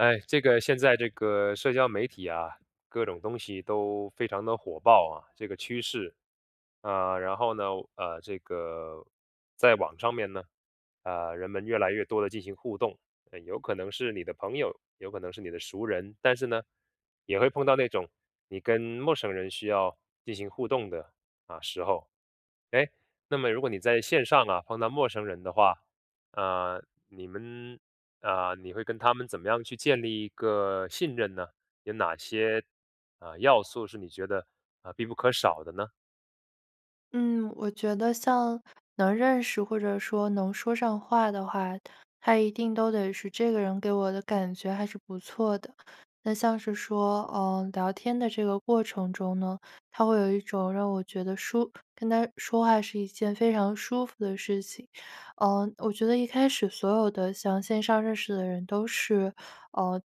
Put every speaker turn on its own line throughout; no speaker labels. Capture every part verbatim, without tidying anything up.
哎，这个现在这个社交媒体啊，各种东西都非常地火爆啊，这个趋势。呃，然后呢，我呃，这个，在网上面呢，呃，人们越来越多地进行互动，哎，有可能是你的朋友，有可能是你的熟人，但是呢，也会碰到那种你跟陌生人，需要进行互动的，啊，时候。哎，那么如果你在线上啊，碰到陌生人的话，呃，你们呃，你会跟他们，怎么样去建立一个信任呢？有哪些，呃，要素是你觉得，呃，必不可少的呢？
嗯，我觉得像能认识，或者说能说上话的话，他一定都得是，这个人给我的感觉还是不错的。那像是说，呃，聊天的这个过程中呢，他会有一种让我觉得舒跟他说话是一件非常舒服的事情。呃，我觉得一开始所有的，像线上认识的人，都是，呃，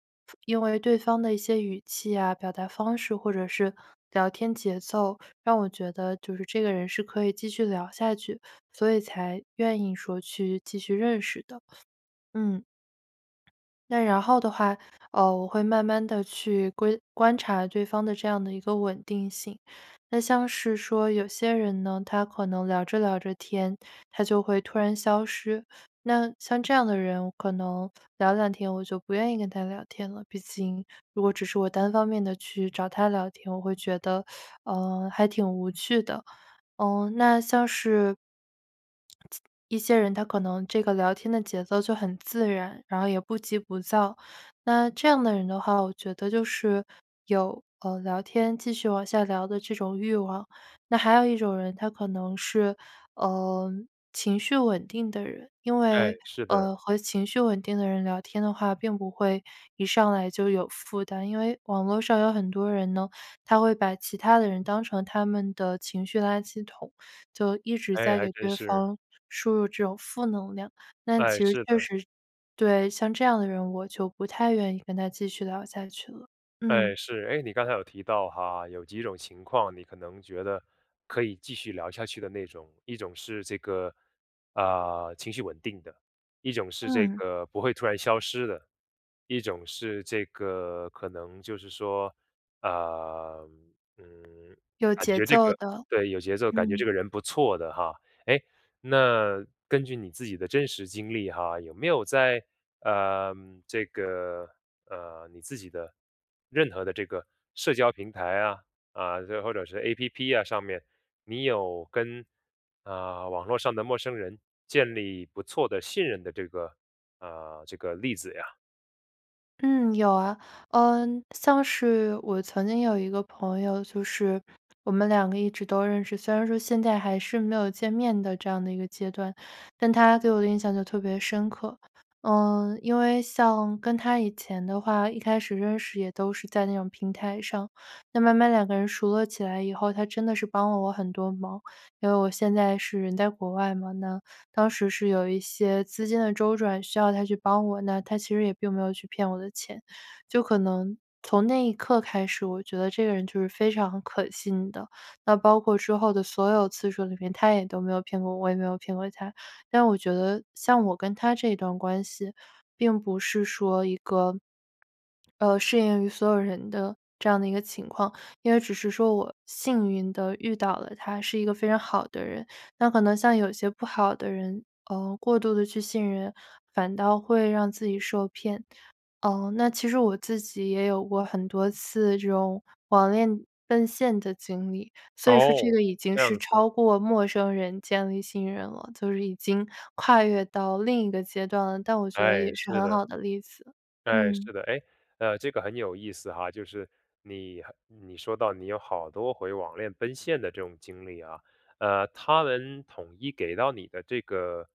因为对方的一些语气啊、表达方式或者是聊天节奏，让我觉得，就是这个人是可以继续聊下去，所以才愿意说去继续认识的，嗯。那然后的话，呃，我会慢慢地去规观察对方的这样的一个稳定性。那像是说有些人呢，他可能聊着聊着天，他就会突然消失。那像这样的人，我可能聊两天，我就不愿意跟他聊天了，毕竟如果只是我单方面地去找他聊天，我会觉得，呃，还挺无趣的。呃，那像是…… 一些人，他可能这个聊天的节奏就很自然，然后也不急不躁，那这样的人的话，我觉得就是，有呃，聊天继续往下聊的这种欲望。那还有一种人，他可能是，呃，情绪稳定的人，因
哎，
为，
是的。
呃，和情绪稳定的人聊天的话，并不会一上来就有负担。因为网络上有很多人呢，他会把其他的人，当成他们的情绪垃圾桶，就一直
哎，
在
还
给
真
对
是。
方输入这种负能量，但其
哎，
实
是
确
的。
实对，像这样的人，我就不太愿意跟他继续聊下去了，嗯。
哎，是。哎，你刚才有提到哈，有几种情况你可能觉得，可以继续聊下去的那种。一种是这个，呃，情绪稳定的，一种是这
嗯。
个不会突然消失的，一种是这个可能就是说，呃，嗯，
有
感
节
觉这
奏
个
的，
对，有节奏，感觉
嗯。
这个人不错的哈。哎，那根据你自己的真实经历哈，有没有在，呃，这个，呃，你自己的任何的这个社交平台啊，啊，这或者是 A-P-P 啊上面，你有跟，呃，网络上的陌生人，建立不错的信任的这个，呃，这个例子呀？
嗯，有啊，呃，像是我曾经有一个朋友，就是我们两个一直都认识，虽然说现在还是没有见面的这样的一个阶段，但他对我的印象就特别深刻。呃，因为像跟他以前的话，一开始认识也都是在那种平台上，那慢慢两个人熟络起来以后，他真的是帮了我很多忙。因为我现在是人在国外嘛，那当时是有一些资金的周转需要他去帮我，那他其实也并没有去骗我的钱，就可能从那一刻开始，我就觉得这个人就是非常可信的。那包括之后的所有次数里面，他也都没有骗过我，我也没有骗过他。但我觉得像我跟他这段关系，并不是说一个，呃，适应于所有人的这样的一个情况，因为只是说我幸运地遇到了他，是一个非常好的人。那可能像有些不好的人，呃，过度地去信任，反倒会让自己受骗。呃，那其实我自己也有过很多次，这种网恋奔现的经历，所以说这
哦，
个已经
这
是
样子。
超过陌生人建立信任了，就是已经跨越到另一个阶段了，但我觉得
哎，
也是
是
很
的。
好的例子，
哎，
嗯。
是的，哎，呃，这个很有意思哈。就是你很你说到你有好多回网恋奔现的这种经历啊。呃，他们统一给到你的这个，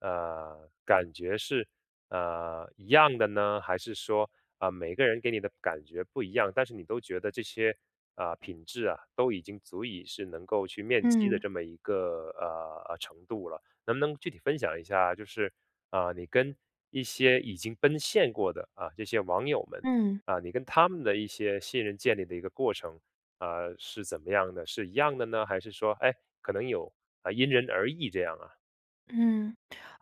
呃，感觉是，呃，一样的呢？还是说，呃，每个人给你的感觉不一样，但是你都觉得这些，呃，品质啊都已经足以是能够去面基的
嗯。
这么一个，啊，啊，程度了。能不能具体分享一下，就是，呃，你跟一些已经奔现过的啊，这些网友们，
嗯。
啊，你跟他们的一些信任建立的一个过程，呃，是怎么样的，是一样的呢？还是说，哎，可能有因人而异这样啊？
嗯，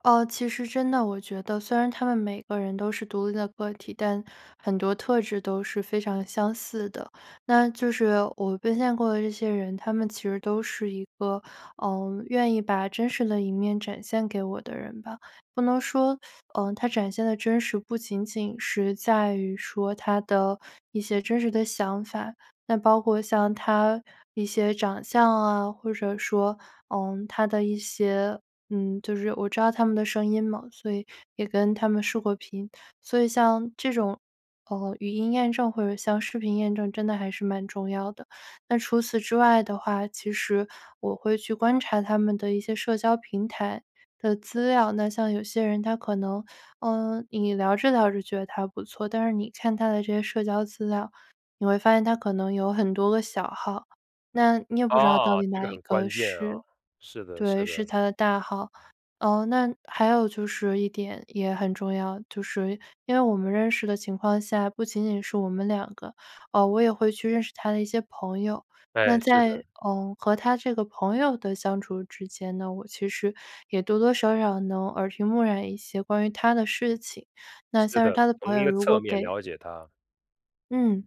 呃，其实真的，我觉得虽然他们每个人都是独立的个体，但很多特质都是非常相似的。那就是我奔现过的这些人，他们其实都是一个，呃，愿意把真实的一面展现给我的人吧，不能说，呃，他展现的真实不仅仅是在于说，他的一些真实的想法，那包括像他一些长相啊，或者说，呃，他的一些嗯，就是我知道他们的声音嘛，所以也跟他们视过频。所以像这种，呃，语音验证或者像视频验证真的还是蛮重要的。那除此之外的话，其实我会去观察他们的一些社交平台的资料，那像有些人他可能，呃，你聊着聊着觉得他不错，但是你看他的这些社交资料，你会发现他可能有很多个小号，那你也不知道到
啊，
底
这
哪
个
一
很
个
关键啊，
是
是的，
对，
是
是
的。
他的大号。呃，那还有就是一点，也很重要，就是因为我们认识的情况下，不仅仅是我们两个，呃，我也会去认识他的一些朋友。那
哎，是
在，
的。
呃，和他这个朋友的相处之间呢，那我其实也多多少少能耳频目染一些关于他的事情，那
是
像是
的，
他的朋
从一
友
个
如
侧
果
面
给
了解他。
嗯，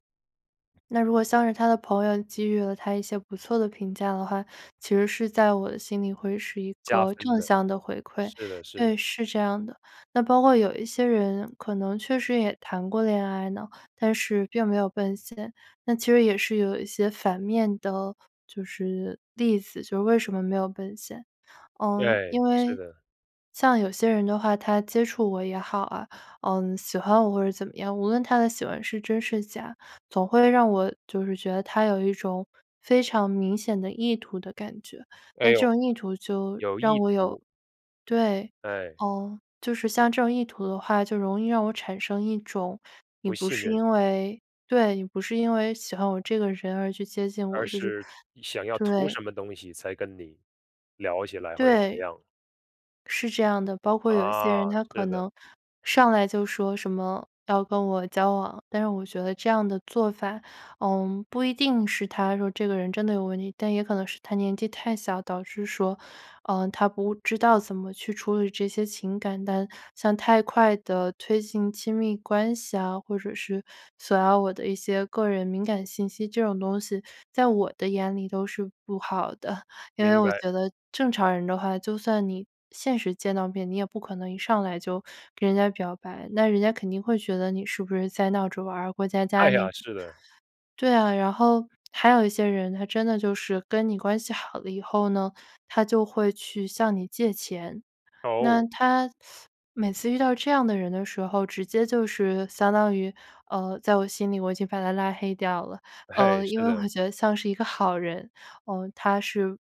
那如果像是他的朋友给予了他一些不错的评价的话，其实是在我的心里会是一
加
个
分
正
的，
向的回馈，
是的，是的。
对，是这样的。那包括有一些人，可能确实也谈过恋爱呢，但是并没有奔现，那其实也是有一些反面的，就是例子，就是为什么没有奔现。呃，因
对，是
为
的。
像有些人的话他接触我也好啊，呃，喜欢我或者怎么样，无论他的喜欢是真是假，总会让我就是觉得，他有一种非常明显的意图的感觉，
哎
那
呦，
这种意图就
有
让
意
我有
图。
对，
对。
呃，就是像这种意图的话，就容易让我产生一种，你
不
不
信
是
任。
因为对，你不是因为喜欢我这个人，而去接近
而
我，就是
是想要图
对。
什么东西，才跟你，聊起来，或者怎么
对。
样。
是这样的。包括有一些
啊，
人，他可
是的。
能上来就说什么要跟我交往，但是我觉得这样的做法，呃，不一定是他说这个人真的有问题，但也可能是他年纪太小，导致说，呃，他不知道怎么去处理这些情感。但像太快地推进亲密关系啊，或者是索要我的一些个人敏感信息，这种东西在我的眼里都是不好的。因为
明
我
白。
觉得正常人的话，就算你现实见到面，你也不可能一上来就给人家表白，那人家肯定会觉得，你是不是在闹着玩儿、过家家
哎
那
呀，是的。
对啊，然后还有一些人，他真的就是跟你关系好了以后呢，他就会去向你借钱。那
哦。
他 每次遇到这样的人的时候，直接就是相当于，呃，在我心里我已经把他拉黑掉了，
哎，
呃，因
是
为我
的。
觉得像是一个好人，呃，他是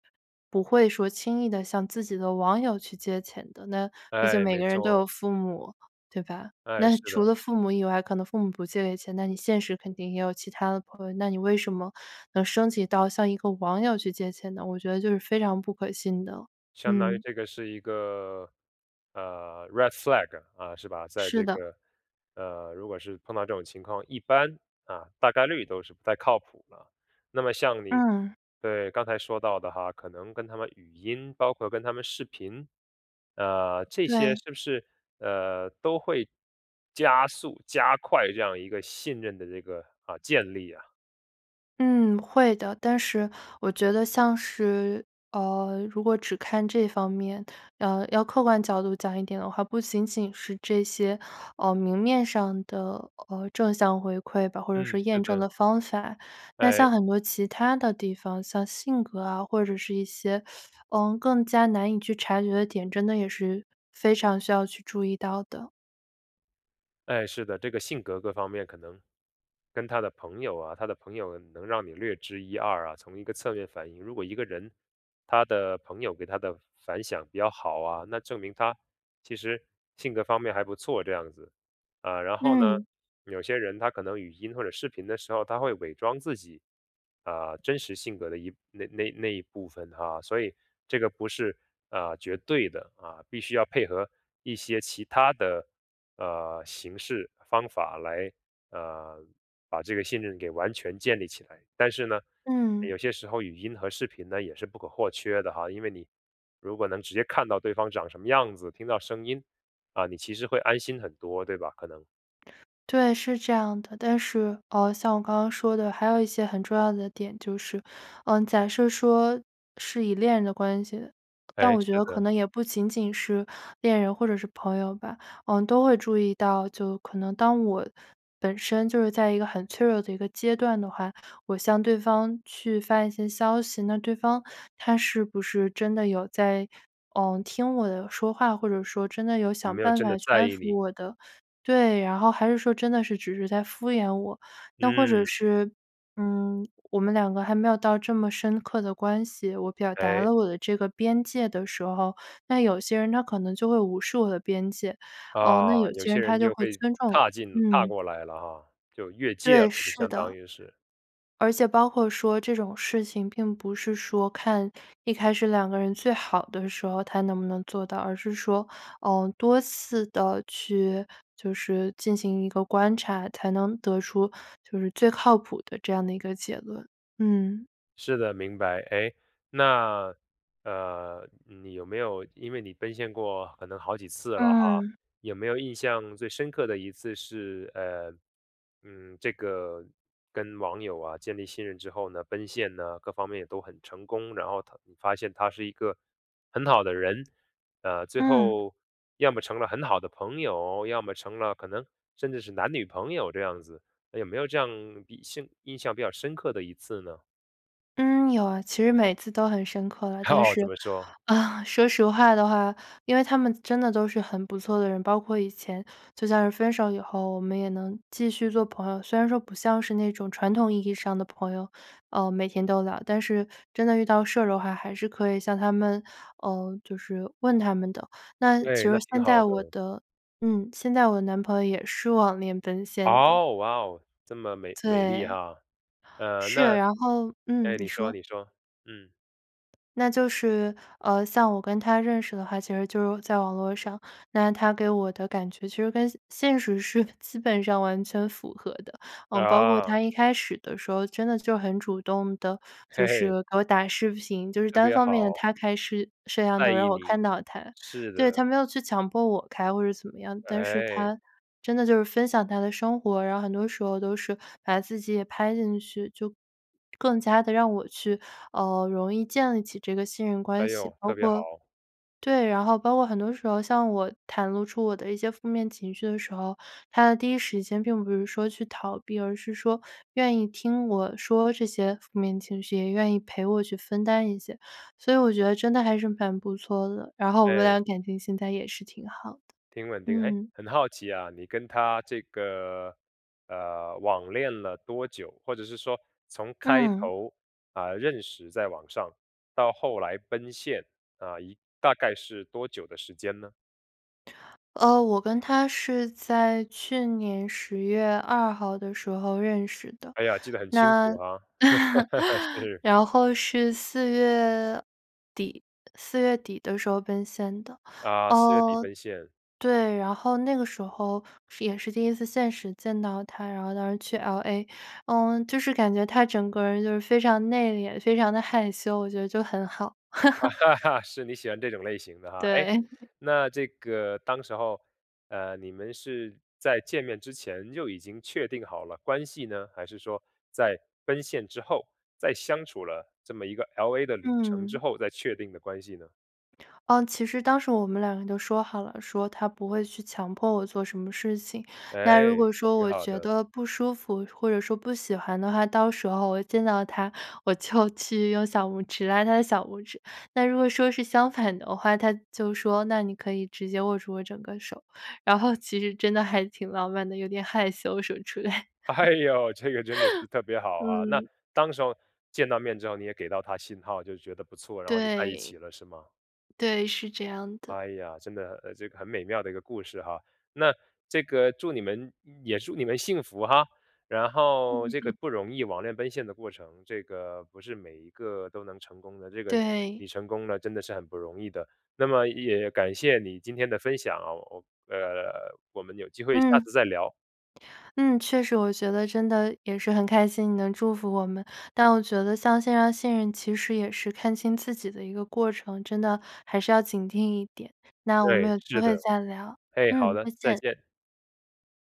不会说轻易地向自己的网友去借钱的，那毕竟
哎，
每
没
个人都
错。
有父母，对吧？
哎，
那
是
除
的。
了父母以外，可能父母不借钱，那你现实肯定也有其他的朋友，那你为什么能升级到，向一个网友去借钱呢？我觉得就是非常不可信的，
相当于
嗯。
这个是一个，呃，red flag，啊，是吧。在
是
这
的。
个，呃，如果是碰到这种情况，一般，啊，大概率都是不太靠谱的。那么像你
嗯。
对，刚才说到的哈，可能跟他们语音，包括跟他们视频，呃，这些
对。
是不是，呃，都会加速、加快这样一个信任的这个，呃，建立呀？
嗯，会的，但是我觉得像是呃，如果只看这方面，呃，要客观角度讲一点的话，不仅仅是这些，呃，明面上的，呃，正向回馈吧，或者
嗯，
说
是
验证
的。
的方法。那
诶。
像很多其它的地方，像性格啊，或者是一些，呃，更加难以去察觉的点，真的也是非常需要去注意到的。
哎，是的，这个性格各方面可能跟他的朋友啊他的朋友能让你略知一二啊，从一个侧面反映，如果一个人，他的朋友给他的反响比较好啊，那证明他其实性格方面还不错这样子。呃，然后呢，
嗯。
有些人他可能语音或者视频的时候，他会伪装自己，啊，真实性格的一那那那一部分哈。所以这个不是，啊，绝对的啊，必须要配合一些其它的，呃，形式方法来，呃，把这个信任给完全建立起来。但是呢，
嗯。
有些时候语音和视频呢，也是不可或缺的哈，因为你如果能直接看到对方长什么样子，听到声音，啊，你其实会安心很多，对吧？可能。
对，是这样的。但是，呃，像我刚刚说的，还有一些很重要的点，就是，呃，假设说是以恋人的关系的但
哎，
我觉
是
得可
的。
能也不仅仅是恋人或者是朋友吧，呃，都会注意到，就可能当我本身就是在一个很脆弱的一个阶段的话，我向对方去发一些消息，那对方他是不是真的有在，呃，听我的说话或者说真的有
有
想
没有
办
真
法
的
去
在
安
意
抚
你。
我的对，然后还是说真的是只是在敷衍我。那或者
嗯。
是，嗯，我们两个还没有到这么深刻的关系，我表达
哎。
了我的这个边界的时候，那有些人他可能就会无视我的边界，呃，那
啊，
有
有
些
些
人他
人
就
就
会
会
尊重，
踏进踏
嗯。
过来了哈，就越界
对，
了，就
是
相当
的。
于是。
而且包括说这种事情，并不是说看一开始两个人最好的时候，他能不能做到。而是说，呃，多次地去就是进行一个观察，才能得出就是最靠谱的这样的一个结论，嗯。
是的，明白。哎，那，呃，你有没有因为你奔现过可能好几次了哈，
嗯。
有没有印象最深刻的一次是，呃，嗯，这个跟网友啊，建立信任之后呢，奔现呢，各方面也都很成功，然后他发现他是一个很好的人，呃，最
嗯。
后，要么成了很好的朋友，要么成了可能甚至是男女朋友这样子，有没有这样以信印象比较深刻的一次呢？
嗯，有啊，其实每次都很深刻了。但
哦，
是，
怎么说？
说实话的话，因为他们真的都是很不错的人，包括以前就算是分手以后，我们也能继续做朋友，虽然说不像是那种传统意义上的朋友，呃，每天都聊，但是真的遇到事儿的话，还是可以向他们呃，就是问他们的。那其
对，
实
那挺
现
好
在
的。
我的嗯，现在我男朋友也是网恋奔现的。
哦，哇哦，这么美美丽
对。
哈，呃，
是，
那
然后嗯，
哎，
你
你说，
说。
你说，嗯。
那就是，呃，像我跟他认识的话，其实就在网络上，那他给我的感觉其实跟现实是，基本上完全符合的。呃，包括
啊。
他一开始的时候，真的就很主动地就是 给我打视频，就是
特
单
别
方面
好。
他开视摄像头
在
让
意
我看
你，
到他。
是
对，他
的
没有去强迫我开或者怎么样，但是
哎。
他真的就是分享他的生活，然后很多时候都是把自己也拍进去，就更加地让我去，呃，容易建立起这个信任
哎
关系，
呦，
包
特别
括
好。
对，然后包括很多时候，像我袒露出我的一些负面情绪的时候，他的第一时间并不是说去逃避，而是说愿意听我说这些负面情绪，也愿意陪我去分担一些。所以我觉得真的还是蛮不错的，然后我们
哎。
俩感情现在也是挺好
挺稳
的，
定，哎，
嗯。
很好奇啊，你跟他这个，呃，网恋了多久？或者是说，从开
嗯。
头，呃，认识在网上，到后来奔现，啊，一大概是多久的时间呢？
呃，我跟他是在去年十月二号的时候认识的，
哎呀，记得很清楚
那
啊，是。
然后是四月底，四月底的时候奔现的。
啊，四月底
哦，
奔现。
对，然后那个时候，是也是第一次现实见到他，然后当时去 LA。嗯，就是感觉他整个人就是非常内敛，非常的害羞，我觉得就很好。
是你喜欢这种类型的哈，哎，
对。
那这个当时候，呃，你们是在见面之前，就已经确定好了关系呢，还是说在奔现之后，在相处了这么一个 LA 的旅程之
嗯。
后，再确定的关系呢？
呃，其实当时我们两个人都说好了，说他不会去强迫我做什么事情。那如
哎，
果说
挺
我
好
觉
的。
得不舒服，或者说不喜欢的话，到时候我一见到他，我就去用小拇指拉他的小拇指。那如果说是相反的话，他就说那你可以直接握住我整个手，然后其实真的还挺浪漫的，有点害羞什么之类。
哎呦，这个真的是特别好啊，那
嗯。
当时候，见到面之后你也给到他信号，就觉得不错，然后就在一
对。
起了是吗？
对，是这样的。
哎呀，真的，呃，这个很美妙的一个故事哈，那这个祝你们也祝你们幸福哈！然后这
嗯。
个不容易网恋奔现的过程，这个不是每一个都能成功的，这个
对。
你成功了真的是很不容易的，那么也感谢你今天的分享哦，哦，呃，我们有机会下
嗯。
次再聊。
嗯，确实，我觉得真的也是很开心，你能祝福我们。但我觉得像线上信任，其实也是看清自己的一个过程，真的还是要警惕一点，那我们
对，
有机
是
会
的，
再聊，
哎，好
嗯，
的，
再
再
见。
见。